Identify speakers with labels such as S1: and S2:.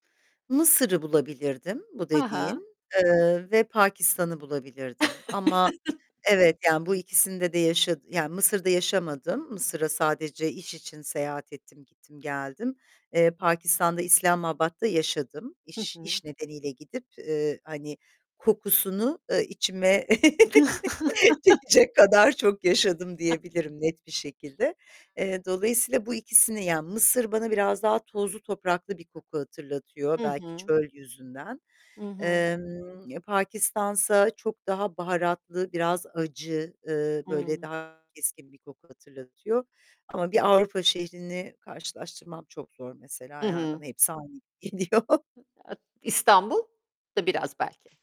S1: Mısır'ı bulabilirdim bu
S2: He he.
S1: dediğin, eee, ve Pakistan'ı bulabilirdim ama evet, yani bu ikisinde de yaşa Yani Mısır'da yaşamadım. Mısır'a sadece iş için seyahat ettim, gittim geldim. Eee, Pakistan'da İslamabad'ta yaşadım.
S2: Hı
S1: İş
S2: hı.
S1: iş nedeniyle gidip, eee, hani kokusunu, eee, içime çekecek kadar çok yaşadım diyebilirim net bir şekilde. Eee, dolayısıyla bu ikisini yani Mısır bana biraz daha tozlu topraklı bir koku hatırlatıyor,
S2: Hı
S1: belki
S2: hı.
S1: çöl yüzünden.
S2: Hı hı.
S1: Emm, ya Pakistan'sa çok daha baharatlı, biraz acı, ııı, böyle
S2: Hımm.
S1: daha keskin bir koku hatırlatıyor ama bir Avrupa şehrini karşılaştırmam çok zor mesela,
S2: Hı
S1: yani
S2: hı.
S1: bana hepsi aynı geliyor.
S2: İstanbul da biraz belki